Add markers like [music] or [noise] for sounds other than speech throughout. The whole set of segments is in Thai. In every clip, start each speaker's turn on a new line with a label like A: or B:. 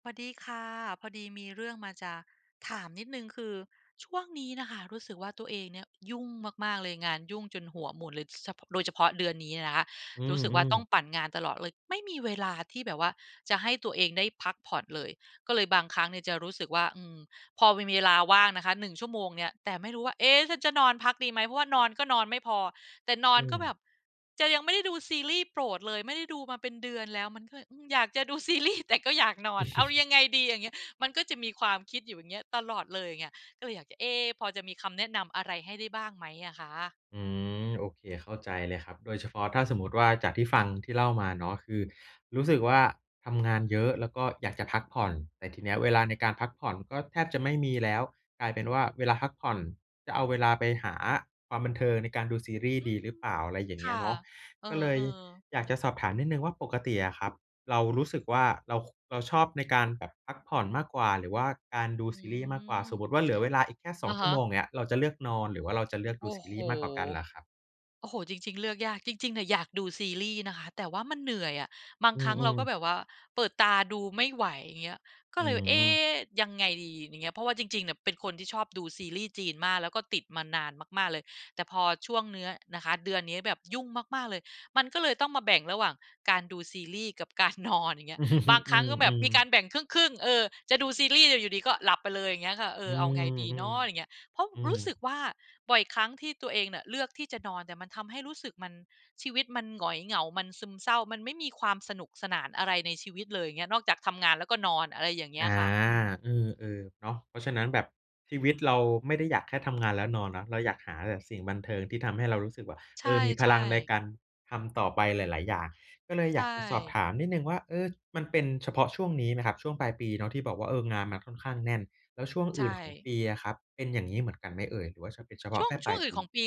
A: สวัสดีค่ะ พอดีมีเรื่องมา จะถามนิดหนึ่งคือ ช่วงนี้น่ะค่ะรู้สึกว่า ตัวเองเนี่ยยุ่งมาก ๆ เลย งานยุ่งจนหัวหมุนเลย ส พ โดยเฉพาะเดือนนี้นะคะ
B: อื
A: รู้สึกว่า
B: อ
A: ต้อง
B: ๆ
A: ปั่นงานตลอดเลย ไม่มีเวลาที่แบบว่าจะให้ตัวเองได้พักผ่อนเลย ก็เลยบางครั้งเนี่ยจะรู้สึกว่า อืม พอมี มีเวลาว่างนะคะ 1 ชั่วโมงเนี่ย แต่ไม่รู้ว่า เอ๊ะ ฉันจะนอนพักดีไหม เพราะว่านอนก็นอนไม่พอ แต่นอ
B: อื
A: นก็แบ
B: ม
A: บ "จะ ยังไม่ได้ดูซีรีส์โปรดเลย ไม่ได้ดูมาเป็นเดือนแล้ว" มันก็เลย อืม อยากจะ ดูซีรีส์ แต่ก็อยากนอน "เอาย
B: [chuckles]
A: ังไงดี?" อย่างเงี้ย มันก็จะมีความคิดอยู่อย่างเงี้ย ตลอดเลยเงี้ย ก็เลยอยากจะ เอ๊ พอจะมีคำแนะนำอะไรให้ได้บ้างไหมอะคะ?
B: อืม โอเค เข้าใจเลยครับ โดยเฉพาะถ้าสมมติว่า จากที่ฟัง ที่เล่ามาเนาะ คือรู้สึกว่าทำงานเยอะ แล้วก็อยากจะพักผ่อน แต่ทีเนี้ย เวลาในการพักผ่อนก็แทบจะไม่มี แล้ว กลายเป็นว่าเวลาพักผ่อน จะเอาเวลาไปหาความบันเทิงในการดูซีรีส์
A: อื
B: ดี
A: ม
B: หรือเปล่า อะไรอย่าง
A: ค
B: เงี้
A: ่
B: ย
A: ะ
B: เนาะ
A: เออ
B: ก็เลย
A: ๆ
B: อยากจะสอบถามนิดหนึ่งว่า ปกติอะครับเรารู้สึกว่า เรา ค เราชอบในการแบบพักผ่อนมากกว่า หรือว่าการด
A: อ
B: ู
A: ื
B: ซีรีส์มากกว่า
A: ม
B: สมมติว่าเหลือเวลาอีกแค่ ส
A: อ
B: อง
A: ะ
B: ช
A: ฮ
B: ั่วโม
A: ะ
B: ง อย่างเงี้ย เราจะเลือกนอนหรือว่าเราจะเลือก
A: โ
B: ด
A: อ
B: ู
A: ้
B: ซี
A: โฮ
B: รีส์มากกว่ากันเหรอครับ?
A: โอ้โฮ จริง ๆ เลือกยาก จริง ๆ เนี่ยอยากดูซีรีส์นะคะ แต่ว่ามันเหนื่อยอะ บาง
B: อื
A: ครั้งเรา
B: อ
A: ก็
B: ๆ
A: แบบว่าเปิดตาดูไม่ไหว อย่างเงี้ย ก
B: อ
A: ็
B: ื
A: เลยว่า "เอ๊
B: ม
A: ยังไงดี?" อย่างเงี้ย เพราะว่าจริง ๆ เนี่ยเป็นคนที่ชอบดูซีรีส์จีนมาก แล้วก็ติดมานานมาก ๆ เลย แต่พอช่วงเนื้อนะคะ เดือนนี้แบบยุ่งมาก ๆ เลย มันก็เลยต้องมาแบ่งระหว่างการดูซีรีส์กับการนอน อย่างเงี้ย บาง
B: [chuckles] อ
A: ค
B: ื
A: รั้งก็แบบ
B: อ
A: มีกา
B: ๆ
A: รแบ่งครึ่ง ๆ เออ จะดูซีรีส์ แต่อยู่ดี ๆ ก็หลับไปเลย อย่างเงี้ยค่ะ "เอ
B: อื
A: อ เอาไงดีเน
B: อ
A: าะ?" อย่างเงี้
B: ๆ
A: ย เพราะ
B: อื
A: รู
B: อ
A: ้สึกว่า บ่อยครั้งที่ตัวเองเนี่ยเลือกที่จะ นอน แต่มันทำให้รู้สึกมัน ชีวิตมันหงอยเหงา มันซึมเศร้า มันไม่มีความสนุกสนานอะไรในชีวิตเลย อย่างเงี้ย นอกจากทำงานแล้วก็นอน อะไรอย่างเงี้
B: อ
A: ย
B: า
A: ค่ะ อืม
B: เออ ๆ เนาะ เพราะฉะนั้น แบบชีวิตเราไม่ได้อยากแค่ ทำงานแล้วนอนเนาะ เราอยากหาแบบสิ่งบันเทิงที่ทำให้เรารู้สึกว่า
A: ใช
B: เออ มีพ
A: ่
B: ลังใน
A: ๆ
B: การทำต่อไปหลาย ๆ อย่าง ก็เลย
A: ใช
B: อยากจะสอบถ
A: ่
B: ามนิดหนึ่งว่า เออ มันเป็นเฉพาะช่วงนี้ไหมครับ ช่วงปลายปีเนาะที่แบบว่า เออ งานมันค่อนข้างแน่น แล้วช่วง
A: ใช
B: อื่นของ
A: ่
B: ปีอะครับเป็นอย่างงี้เหมือนกันไหมเอ่ย? หรือว่า ฉ เป็นเฉพา
A: ช
B: ะ
A: ่ว
B: แ
A: ง
B: ค่
A: ช
B: ป
A: ่
B: ลา
A: วง
B: ย
A: อื
B: ป
A: ่นข
B: ี?
A: องปี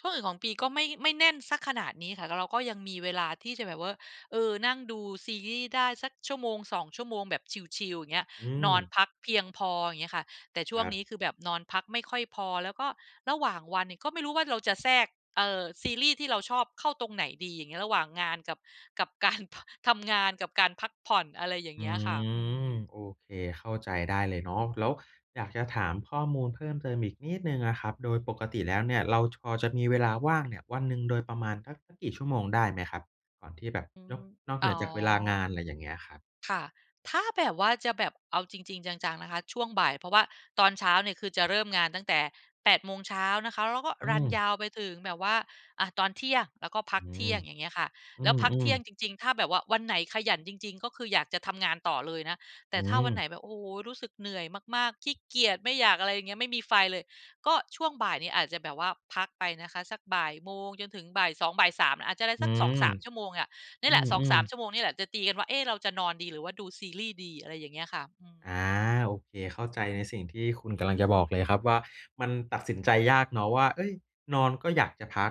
A: ช่วงอื่นของปีก็ไม่ ไม่แน่นสักขนาดนี้ค่ะ เรา เราก็ยังมีเวลาที่จะแบบเว่อ เออ นั่งดูซีรีส์ได้สักชั่วโมง 2 ชั่วโมงแบบชิล ๆ อย่างเงี้ย
B: อื
A: นอน
B: ม
A: พักเพียงพอ อย่างเงี้ยค่ะ แต่ช่
B: ค
A: ว
B: ร
A: ง
B: ั
A: นี
B: บ
A: ้คือแบบนอนพักไม่ค่อยพอ แล้วก็ระหว่างวันเนี่ยก็ไม่รู้ว่าเราจะแทรก เอ่อ ซีรีส์ที่เราชอบเข้าตรงไหนดี อย่างเงี้ย ระหว่างงานกับ กับการ พ ทำงาน กับการพักผ่อน อะไรอย่า
B: อื
A: งเงี้ยค่ะ อื
B: ม
A: ม
B: โอเค เข้าใจได้เลยเนาะ แล้วอยากจะถามข้อมูลเพิ่มเติมอีกนิดหนึ่งอะครับ โดยปกติแล้วเนี่ยเรา จ พอจะมีเวลาว่างเนี่ยวันหนึ่งโดยประมาณสัก สักกี่ชั่วโมงได้ไหมครับ? ก่อนที่แบบ
A: อื
B: นอ
A: ม
B: ก นอกเ
A: อ๋
B: หน
A: อ
B: ือจากเวลางาน ไรอย่างเงี้ยครับ
A: ค่ะ ถ้าแบบว่าจะแบบเอาจริง ๆ จัง ๆ นะคะ ช่วงบ่าย เพราะว่าตอนเช้าเนี่ยคือจะเริ่มงานตั้งแต่ 8 โมงเช้านะคะ แล้วก็
B: อื
A: รันย
B: ม
A: าวไปถึงแบบว่า อา ตอนเที่ยง แล้วก็พั
B: อื
A: กเท
B: ม
A: ี่ยง อย่างเงี้ยค่ะ
B: อื
A: แล้วพักเท
B: ม
A: ี่ยง
B: ๆ
A: จริง ๆ ถ้าแบบว่าวันไหนขยันจริง ๆ ก็คืออยากจะทำงานต่อเลยนะ แ
B: อ
A: ต่
B: ื
A: ถ้าวัน
B: ม
A: ไหนแบบ โอ้โฮ รู้สึกเหนื่อยมาก ๆ ขี้เกียจ ไม่อยากอะไรอย่างเงี้ย ไม่มีไฟเลย ก็ช่วงบ่ายนี่อาจจะแบบว่าพักไปนะคะ สักบ่ายโมงจนถึงบ่าย 2 บ่าย 3 อาจจะได้
B: อ
A: ส
B: ื
A: ัก สอง
B: ม
A: สาม ชั่วโมงเงี่ย เนี
B: อ
A: ่ย
B: ื
A: แหละ สองส
B: อ
A: าม
B: ๆ
A: ชั่วโมงนี่แหละจะตีกันว่า "เอ๊ เราจะนอนดี? หรือว่าดูซีรีส์ดี?" อะไรอย่างเงี้ยค่ะ อืม
B: อา โอเค เข้าใจในสิ่งที่คุณกำลังจะบอกเลยครับ ว่ามันตัดสินใจยากเนาะว่า เฮ้ย นอนก็อยากจะพัก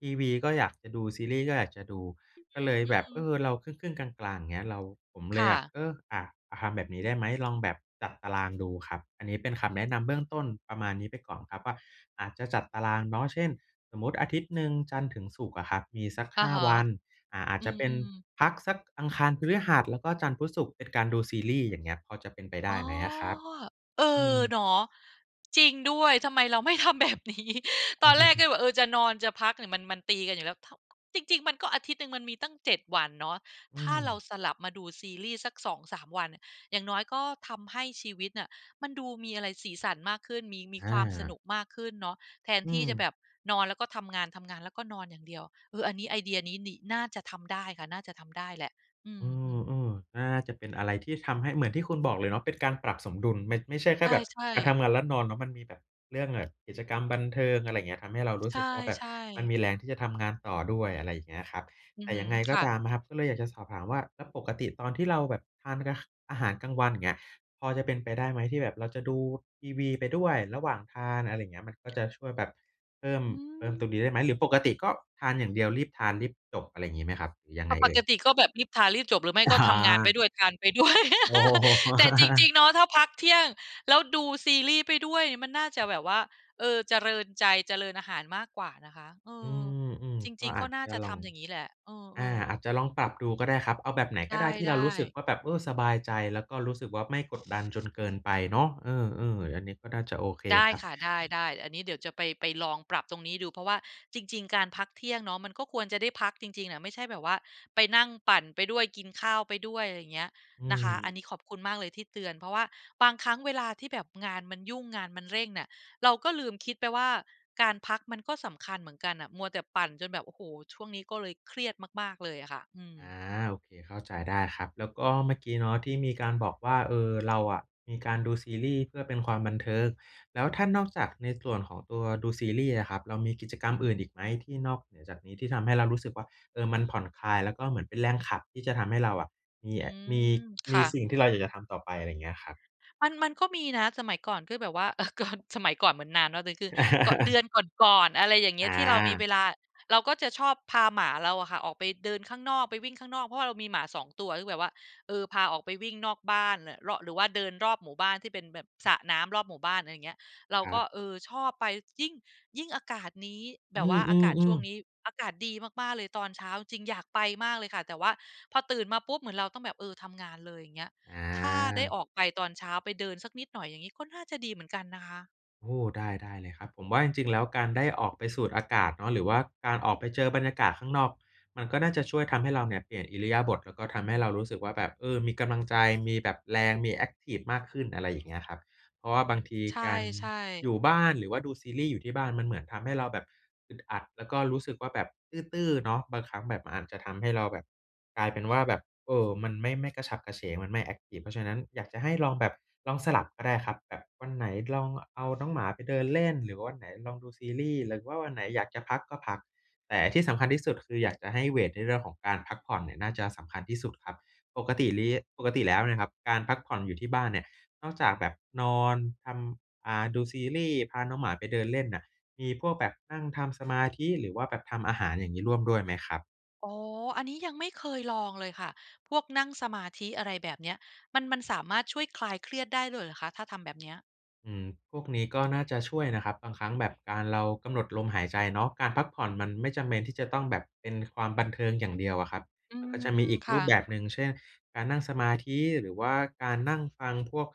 B: ทีวีก็อยากจะดู ซีรีส์ก็อยากจะดู
A: อ
B: ก็เลย
A: อื
B: แบบ
A: ม
B: เอ
A: ๆ
B: อ เราครึ่ง ๆ กลาง ๆ อย่างเงี้ย เรา ผมเ
A: ค
B: ล
A: ่
B: ยอยาก
A: ะ
B: เออ อา อา ทำแบบนี้ได้ไหม ลองแบบจัดตารางดูครับ อันนี้เป็นคำแนะนำเบื้องต้นประมาณนี้ไปก่อนครับว่า อาจจะจัดตารางเนาะ เช่น สมมุติอาทิตย์หนึ่ง จันทร์ถึงศุกร์อะครับ มีสัก
A: อะ
B: 5
A: ฮะ
B: วัน อา อาจ
A: อื
B: จะเป็น
A: ม ๆ
B: พักสักอังคาร พฤหัส แล้วก็จันทร์ พุธ ศุกร์ เป็นการดูซีรีส์ อย่างเงี้ย พอจะเป็นไปได
A: อ
B: ้
A: ๋อ
B: ไหมอะครับ?
A: เอ
B: อื
A: อ
B: ม
A: เนาะ จริงด้วย ทำไมเราไม่ทำแบบ นี้ [chuckles] ตอนแรกก็เล
B: [chuckles]
A: ยบอก เออ จะนอน จะพักเนี่ย มัน มันตีกันอยู่ แล้ว ถ จริง ๆ มันก็ อาทิตย์หนึ่งมันมีตั้ง 7 วันเนาะ
B: อื
A: ถ้าเรา
B: ม
A: สลับมาดูซีรีส์สัก 2-3 วันเนี่ย อย่างน้อยก็ทำให้ชีวิตน่ะมันดูมีอะไร สีสันมากขึ้น มี มี
B: อ
A: ความสน
B: า
A: ุกมากขึ้นเนาะ แทน
B: อื
A: ที่
B: ม
A: จะแบบนอนแล้วก็ทำงาน ทำงานแล้วก็นอนอย่างเดียว เออ อันนี้ไอเดียนี้ นิ น่าจะทำได้ค่ะ น่าจะทำได้แหละ อ
B: เอ
A: ืม ๆ
B: อ ๆ น่าจะเป็นอะไรที่ทำให้ เหมือนที่คุณบอกเลยเนาะ เป็นการปรับสมดุล ไม่ ไม่ใช่แค
A: ใ
B: ่แบบ
A: ช่
B: การ
A: ๆ
B: ทำงานแล้วนอนเนาะ มันมีแบบเรื่อง ง กิจกรรมบันเทิง อะไรเงี้ย ทำให้เรารู
A: ใ
B: ้สึกว่าแบบ
A: ช่
B: มัน
A: ๆ
B: มีแรงที่จะทำงานต่อด้วย อะไรอย่างเงี้ยครับ
A: อื
B: แ
A: อ
B: ต่
A: ฮึ
B: ยังไงก็
A: ค่ะ
B: ตามนะครับ ก็เลยอยากจะสอบถามว่า แล้วปกติตอนที่เราแบบทาน ก อาหารกลางวัน อย่างเงี้ย พอจะเป็นไปได้ไหม ที่แบบเราจะดูทีวี ไปด้วยระหว่างทาน อะไรอย่างเงี้ย มันก็จะช่วยแบบเพิ่ม
A: อื
B: เพิ่มตรงน
A: ม
B: ี้ได้ไหม หรือปกติก็ทานอย่างเดียว รีบทานรีบจบ อะไรงี้ไหมครับ หรือยัง
A: ป
B: ไง
A: ป
B: เอ่
A: ก
B: ย?
A: ติก็แบบรีบทารีบจบ หรือไม่
B: อ
A: ก็ทำงานไป
B: อา
A: ด้วย ทานไปด้วย
B: โอ้
A: [laughs] แต่จริง
B: [chuckles]
A: ๆ เนาะ ถ้าพักเที่ยงแล้วดูซีรีส์ไปด้วย มันน่าจะแบบว่า เออ เจริญใจ เจริญอาหารมากกว่านะคะ เอ
B: อื
A: อ
B: ม
A: จ
B: ๆ ก
A: ร
B: ็
A: ิง ๆ
B: อ
A: ก็
B: าจ
A: น่า
B: จะ
A: จะ
B: ล
A: ท
B: อง
A: ำอย่างงี้แหละ เอ
B: อา
A: อ ๆ
B: อาจจะลองปรับดูก็ได้ครับ เอาแบบไหน
A: ไ
B: ก็ได้ที่
A: ด
B: เรา
A: ้
B: รู้สึก
A: ๆ
B: ว่าแบบ เออ สบายใจ แล้วก็รู้สึกว่าไม่กดดันจนเกินไปเนาะ เออ ๆ อันนี้ก็น่าจะโอเค
A: ได้
B: ครับ
A: ค่ะ ได้ ๆ อันนี้เดี๋ยวจะไป ไปลองปรับตรงนี้ดู เพราะว่าจริง ๆ การพักเที่ยงเนาะ มันก็ควรจะได้พักจริง ๆ อะ ไม่ใช่แบบว่าไปนั่งปั่นไปด้วย กินข้าวไปด้วย อะไรเงี้ย
B: อื
A: นะคะ อัน
B: ม
A: นี้ขอบคุณมากเลยที่เตือน เพราะว่าบางครั้งเวลาที่แบบงานมันยุ่ง งานมันเร่งน่ะ เราก็ลืมคิดไปว่าการพักมันก็สำคัญเหมือนกันน่ะ มัวแต่ปั่นจนแบบ โอ้โฮ ช่วงนี้ก็เลยเครียดมาก ๆ เลยอะค่ะ อืม
B: อา โอเค เข้าใจได้ครับ แล้วก็เมื่อกี้เนาะที่มี การบอกว่า เออ เราอะมีการดูซีรีส์เพื่อเป็นความบันเทิง แล้วถ้านอกจากในส่วนของตัวดูซีรีส์อะครับ เรามีกิจกรรมอื่นอีกไหม? ที่นอกเหนือจากนี้ ที่ทำให้เรารู้สึกว่า เออ มันผ่อนคลายแล้วก็เหมือนเป็นแรงขับที่จะทำให้เราอะมี
A: อื
B: อ มี
A: ม ค
B: มี
A: ่
B: ส
A: ะ
B: ิ่งที่เราอยากจะทำต่อไป อะไรอย่างเงี้ยครับ
A: มัน มันก็มีนะ สมัยก่อนกื้อแบบว่า เออ กอน สมัยก่อนเหมือนนานเนาะ แต่จริงคือ เกาะ เดือ
B: [chuckles]
A: นก่อน ๆ อะไรอย่างเงี้
B: อ
A: ย ที่เรามีเว
B: า
A: ลา เราก็จะชอบพาหมาเราอะค่ะออกไปเดินข้างนอก ไปวิ่งข้างนอก เพราะว่าเรามีหมา 2 ตัว ซึ่งแบบว่า เออ พาออกไปวิ่งนอกบ้านน่ะ เราะ หรือว่าเดินรอบหมู่บ้าน ที่เป็นแบบสระน้ำรอบหมู่บ้าน อะไรเงี้ย เรา
B: คร
A: ก
B: ั
A: ็
B: บ
A: เออ ชอบไป ยิ่ง ยิ่งอากาศนี้ แบ
B: อื
A: บว่าอากาศช่
B: อ
A: วง
B: ๆ
A: น
B: ๆ
A: ี้ อากาศดีมาก ๆ เลย ตอนเช้า จริง ๆ อยากไปมากเลยค่ะ แต่ว่าพอตื่นมาปุ๊บ เหมือนเราต้องแบบ เออ ทำงานเลย อย่างเงี้ย
B: อ
A: ถ้าได้อ
B: า
A: อกไปตอนเช้า ไปเดินสักนิดหน่อย อย่างงี้ ก็น่าจะดีเหมือนกันนะคะ
B: โอ้ ได้ ได้เลยครับ ผมว่าจริง ๆ แล้วการได้ออกไปสูด อากาศเนาะ หรือว่าการออกไปเจอบรรยากาศข้างนอก มันก็น่าจะช่วยทำให้เราเนี่ยเปลี่ยนอิริยาบถ แล้วก็ทำให้เรารู้สึกว่า แบบ เออ มีกำลังใจ มีแบบแรง มีแอ็กทิฟมากขึ้น อะไรอย่างนี้ครับ เพราะว่าบางที
A: ใช
B: การ
A: ่
B: อย
A: ๆ
B: ู่บ้าน หรือว่าดูซีรีส์อยู่ที่บ้าน มันเหมือนทำให้เราแบบอึดอัด แล้วก็รู้สึกว่า แบบตื้อ ๆ เนาะ บางครั้งแบบอาจจะทำให้เราแบบกลายเป็นว่า แบบ เออ มันไม่ ไม่กระฉับกระเฉง มันไม่แอ็กทิฟ เพราะฉะนั้นอยากจะให้ลองแบบลองสลับก็ได้ครับ แบบวันไหนลองเอาน้องหมาไปเดินเล่น หรือว่าวันไหนลองดูซีรีส์ หรือว่าวันไหนอยากจะพัก ก็พัก แต่ที่สำคัญที่สุด คืออยากจะให้เวตในเรื่องของการพักผ่อนเนี่ย น่าจะสำคัญที่สุดครับ ปกติลี้ ปกติแล้วเนี่ยครับ การพักผ่อนอยู่ที่บ้านเนี่ย นอกจากแบบนอนทำ อ่า ดูซีรีส์ พาน้องหมาไปเดินเล่นน่ะ มีพวกแบบนั่งทำ สมาธิ หรือว่าแบบทำอาหารอย่างงี้ ร่วมด้วยไหมครับ?
A: อ๋อ อันนี้ยังไม่เคยลองเลยค่ะพวกนั่งสมาธิ อะไรแบบเนี้ยมัน มันสามารถช่วยคลายเครียดได้ด้วยเหรอคะถ้าทำแบบนี้?
B: อืม พวกนี้ก็ น่าจะช่วยนะครับ บางครั้งแบบการเรากำหนดลมหายใจเนาะ การพักผ่อนมันไม่จำเป็นที่จะต้องแบบเป็นความบันเทิงอย่างเดียวอะครับ
A: อื
B: มันก็จะมี
A: ม
B: อีก
A: ๆ ค
B: ร
A: ่
B: ูป
A: ะ
B: แบบหนึ่ง เช่น การนั่งสมาธิ หรือว่าการ นั่งฟังพวก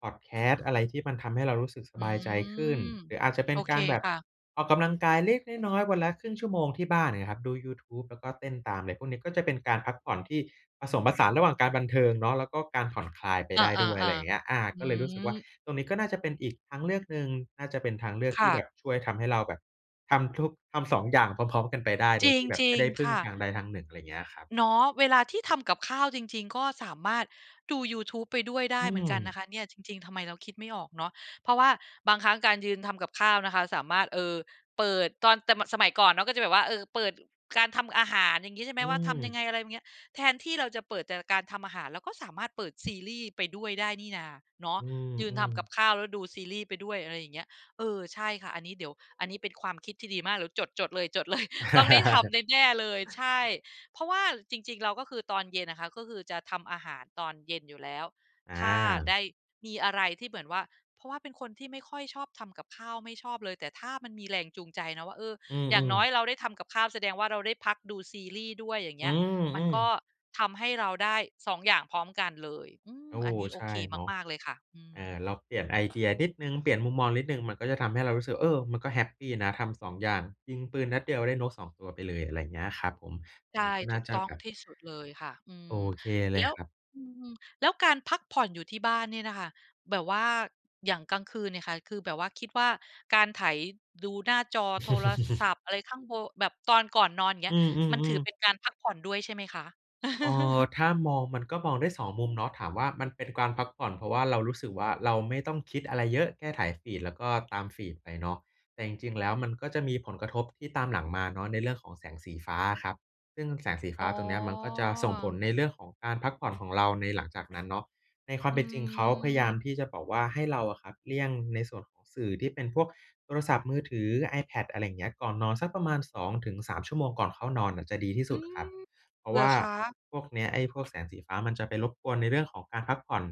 B: พอดแคสต์อะไร ที่มันทำให้เรารู้สึกส
A: อื
B: บายใจขึ้
A: ม
B: น หรืออาจจะเป
A: โ
B: ็
A: อ
B: น
A: เ
B: ก
A: ค
B: ารแบบ
A: ค่ะ
B: ออกกำลังกายเล็กน้อย ๆ วันละครึ่งชั่วโมงที่บ้าน อย่างเงี้ยครับ ดูยูทูบแล้วก็เต้นตาม อะไรพวกนี้ ก็จะเป็นการพักผ่อนที่ผสมผสานระหว่างการบันเทิงเนาะ แล้วก็การ ผ่อนคลายไป
A: อา
B: ได้ด้วย อะไรอย่างเงี้ย
A: ๆ
B: อา
A: ๆ อื
B: ก็เลยรู้สึกว่า
A: ม
B: ตรงนี้ก็น่าจะเป็นอีกทางเลือกหนึ่ง น่าจะเป็นทางเลือก
A: ค
B: ที
A: ่
B: ่แบ
A: ะ
B: บช่วยทำให้เราแบบทำทุก ทำ 2 อย่างพร้อม ๆ กันไปได้ โ
A: จ
B: ดย
A: ร
B: ที่แบบไ
A: ิ
B: ม่
A: ง
B: ได้พ
A: ๆ
B: ึ
A: ค
B: ่ง
A: ่ะ
B: ทางใดทาง 1 อะไรอย่างเงี้ยครับ
A: เนาะ เวลาที่ทำกับข้าวจริง ๆ ก็สามารถดูยูทูบไปด้วยได
B: อ
A: ้
B: ื
A: เหมือนกันน
B: ม
A: ะคะเนี่ยจริง ๆ ทำไมเราคิดไม่ออกเนาะ เพราะว่าบางครั้งการยืนทำกับข้าวนะคะสามารถ เอ่อ เปิดตอน แต่มันสมัยก่อนเนาะ ก็จะแบบว่า เออ เปิดการทำอาหาร อย่างงี้ใช่ไหม
B: อื
A: ว่า ทำยัง
B: ม
A: ไง อะไรเงี้ย แทนที่เราจะเปิดแต่การทำอาหาร เราก็สามารถเปิด ซีรี่ส์ไปด้วยได้นี่นาเนาะ
B: อื
A: ยืนท
B: ม
A: ำก
B: ๆ
A: ับข้าวแล้วดูซีรี่ส์ไปด้วย อะไรอย่างเงี้ย เออ ใช่ค่ะ อันนี้เดี๋ยว อันนี้เป็นความคิดที่ดีมาก เดี๋ยวจด ๆ เลย จดเลย ต้องได้ทำแน่ ๆ เลย
B: [laughs]
A: ใช่ เพราะว่าจริง ๆ เราก็คือตอนเย็นอะค่ะ ก็คือจะทำอาหารตอนเย็นอยู่แล้ว
B: อ
A: ถ้าได
B: า
A: ้ มีอะไรที่เหมือนว่า เพราะว่าเป็นคนที่ไม่ค่อยชอบทำกับข้าวไม่ชอบเลย แต่ถ้ามันมีแรงจูงใจเนาะว่า เออ
B: อื
A: อย่าง
B: ม
A: น้อ
B: ๆ
A: ยเราได้ทำกับข้าวแสดงว่าเราได้พักดูซีรีส์ด้วยอย่างเ
B: อ
A: ง
B: ื
A: ี้ย
B: ม
A: มั
B: อ
A: น
B: ือ
A: ก็ทำให้เราได้ 2 อย่างพร้อมกันเลย อื
B: โ
A: ม
B: อ้
A: อ
B: โฮ
A: ันนี้โอ
B: ใช่
A: เค
B: เนาะ
A: มาก ๆ เลยค่ะ อื
B: อา
A: ม
B: เราเปลี่ยนไอเดียนิดหนึ่ง เปลี่ยนมุมมองนิดหนึ่ง มันก็จะทำให้เรารู้สึกว่า เออ มันก็แฮปปีนะทำ 2 อย่าง ยิงปืนนัดเดียวได้นกสองตัวไปเลย อะไรอย่างนี้ครับผม
A: ใ
B: อ
A: ช
B: ื
A: ่
B: อ ก็น
A: ถ
B: ่
A: ู
B: า
A: ก
B: จะ
A: ต้อ
B: แ
A: ง
B: บบ
A: ที่สุดเลยค่ะ อื
B: โอ
A: ม
B: เคเล
A: แล้
B: ย
A: ว
B: ครับ
A: อืม ๆ แล้วการพักผ่อนอยู่ที่บ้านเนี่ยน่ะค่ะ แบบว่าอย่างกลางคืนเนี่ยค่ะ คือแบบว่าคิดว่าการไถดูหน้าจอโทรศั
B: [laughs]
A: พท์อะไรข้างโท แบบตอนก่อนนอนอย่างเงี
B: อ
A: ้
B: ื
A: ย มันถือ
B: ม
A: เป็
B: ๆ ๆ
A: นการพักผ่อนด้วยใช่ไหมคะ?
B: เอ่อ
A: [laughs]
B: ถ้ามองมันก็มองได้ 2 มุมเนาะ ถามว่า มันเป็นกวานพักผ่อน เพราะว่าเรารู้สึกว่า เราไม่ต้องคิดอะไรเยอะแค่ไถฟีด แล้วก็ตามฟีดไปเนาะ แต่จริง ๆ แล้ว มันก็จะมีผลกระทบที่ตามหลังมาเนาะในเรื่องของแสงสีฟ้าอะครับ ซึ่งแสงสีฟ
A: อ๋
B: ้าตรงนี้ มันก็จะส่งผล
A: อ
B: ในเรื่องของการพักผ่อน ของเราในหลังจากนั้นเนาะ ในควา
A: อ
B: ม
A: ื
B: เป็นจริง เขาพยายา
A: ม
B: มที่จะบอกว่า ให้เราอะครับ เลี่ยงในส่วนของสื่อที่เป็นพวกโทรศัพท์มือถือ iPad อะไรอย่างนี้ ก่อนนอนสักประมาณ 2 ถึง 3 ชั่วโมงก่อนเข้านอนน่ะจะดีที่
A: อ
B: ส
A: ื
B: ุดครับ
A: ม
B: เพรา
A: เ
B: ะ
A: ห
B: ว
A: รอ
B: ่า
A: คะ?
B: พวกเนี้ย ไอ้พวกแสงสีฟ้ามันจะไปรบกวนในเรื่องของการพักผ่อน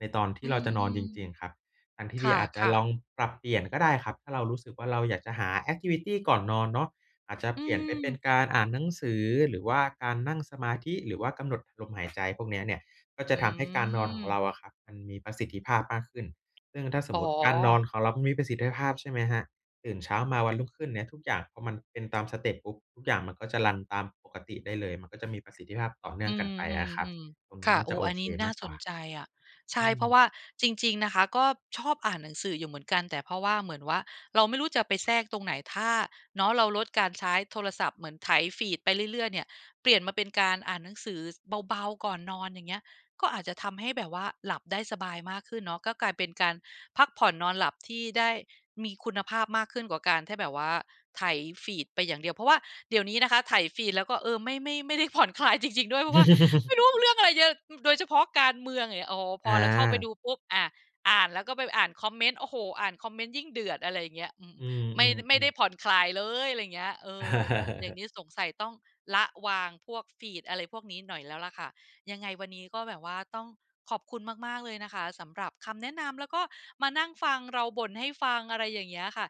B: ในตอนท
A: อ
B: ี
A: ื
B: ่เราจะนอน
A: ม
B: จริง ๆ ครับ ทางที
A: ๆ ค
B: ่ดีอาจจะ
A: ่ะ
B: ลอ
A: ๆ
B: งปรับเปลี่ยนก็ได้ครับ ถ้าเรารู้สึกว่า เราอยากจะหาแอกทิวิตีก่อนนอนเนาะ อาจจะ
A: อื
B: เปลี่ยนไปเป็
A: ม
B: นการอ่านหนังสือ หรือว่าการนั่งสมาธิ หรือว่ากำหนดลมหายใจพวกนี้เนี่ย ก็จ
A: อ
B: ะ
A: ื
B: ทำให้การนอนของเ
A: ม
B: ราอะครับ มันมีประสิทธิภาพมากขึ้น ซึ่งถ้าส
A: อ๋
B: มมุ
A: อ
B: ติการนอนของเรามันมีประสิทธิภาพใช่ไหมครับ ตื่นเช้ามาวัน รุ่งขึ้นเนี่ยทุกอย่างก็มันเป็นตามสเต็ปปุ๊บ ทุกอย่างมันก็จะรันตามปกติได้เลย มันก็จะมีประสิทธิภาพต่อเนื่
A: อื
B: องกันไปอะครับ
A: ม ๆ
B: ตรง
A: ๆ
B: น
A: ค
B: ี้
A: ่ะ
B: น่า
A: โอ
B: จ
A: ้
B: ะโอ
A: อัน
B: เค
A: นี้น
B: ม
A: ่า
B: ากก
A: ส
B: ว่
A: น
B: า
A: ใจอะ ใช
B: อื
A: ่ เพราะว
B: ม
A: ่าจริง ๆ นะคะ ก็ชอบอ่านหนังสืออยู่เหมือนกัน แต่เพราะว่าเหมือนว่า เราไม่รู้จะไปแทรกตรงไหน ถ้าเนาะเราลดการใช้โทรศัพท์เหมือนไถฟีดไปเรื่อย ๆ เนี่ย เปลี่ยนมาเป็นการอ่านหนังสือเบา ๆ ก่อนนอนอย่างเงี้ย ก็อาจจะทำให้แบบว่าหลับได้สบายมากขึ้นเนาะ ก็กลายเป็นการพักผ่อนนอนหลับที่ได้มีคุณภาพมากขึ้นกว่าการที่แบบว่าไถฟีดไปอย่างเดียว เพราะว่าเดี๋ยวนี้นะคะไถฟีด แล้วก็ เออ ไม่ ไม่ ไม่ได้ผ่อนคลายจริง ๆ ด้วย เพราะว่าไม่
B: [laughs]
A: รู้เรื่องอะไรเยอะ โดยเฉพาะการเมืองอย่างเงี้ย โอ้โฮ พ
B: อ
A: อเราเข้าไปด
B: า
A: ูปุ๊บ อา อ่านแล้วก็ไปอ่านคอมเมนต์ โอ้โฮ อ่านคอมเมนต์ยิ่งเดือด อะไรอย่างเงี้ย อืม
B: อื
A: ไม่ ไม่ไ
B: ม
A: ด้
B: ๆ ๆ
A: ผ่อนคลายเลย อะไรอย่างเงี้ย เออ อย่างง
B: [chuckles]
A: ี้สงสัยต้องละวางพวกฟีด อะไรพวกนี้หน่อยแล้วล่ะค่ะ ยังไงวันนี้ก็แบบว่าต้องขอบคุณมาก ๆ เลยนะคะ สำหรับคำแนะนำ แล้วก็มานั่งฟังเราบ่นให้ฟัง อะไรอย่างเงี้ยค่ะ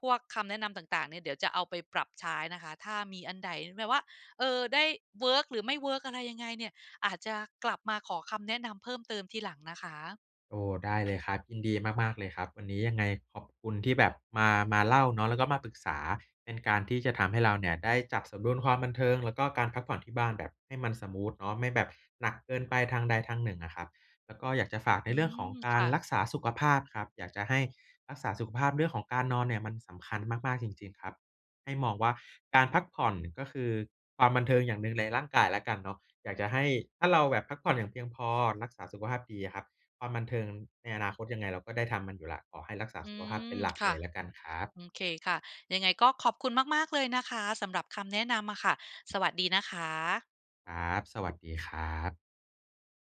A: พวกคำแนะนำต่าง ๆ เนี่ย เดี๋ยวจะเอาไปปรับใช้นะคะ ถ้ามีอันใด๋ แบบว่า เอ่อ ได้ เวิร์ก หรือไม่เวิร์กอะไรยังไงเนี่ย อาจจะกลับมาขอคำแนะนำเพิ่มเติมทีหลังนะคะ
B: โอ้ ได้เลยครับ ยินดีมาก ๆ เลยครับ วันนี้ยังไงขอบคุณที่แบบมา มาเล่าเนาะ แล้วก็มาปรึกษาเป็นการที่จะทำให้เราเนี่ยได้จัดสมดุลความบันเทิง แล้วก็การพักผ่อนที่บ้านแบบให้มันสมูทเนาะ ไม่แบบหนักเกินไปทางใดทางหนึ่งอะครับ แล้วก็อยากจะฝากใน
A: อื
B: เรื่อง
A: ม
B: ของก
A: ค
B: า
A: ่
B: รร
A: ะ
B: ักษาสุขภาพครับ อยากจะให้รักษาสุขภาพเรื่องของการนอนเนี่ยมันสำคัญมาก ๆ จริง ๆ ครับ ให้มองว่าการพักผ่อน ก็คือความบันเทิงอย่างหนึ่งในร่างกายแล้วกันเนาะ อยากจะให้ ถ้าเราแบบพักผ่อนอย่างเพียงพอ รักษาสุขภาพดีอะครับ ความบันเทิงในอนาคตยังไงเราก็ได้ทำมันอยู่แล้ว ขอให้รักษา
A: อื
B: สุขภาพเป
A: ม
B: ็นหลัก
A: ค่
B: เล
A: ะ
B: ยแล้วกันครับ
A: อืมเคค่ะ ยังไงก็ขอบคุณมาก ๆ เลยนะคะ สำหรับคำแนะนำอะค่ะ สวัสดีนะคะ
B: ครับ สวัสดีครับ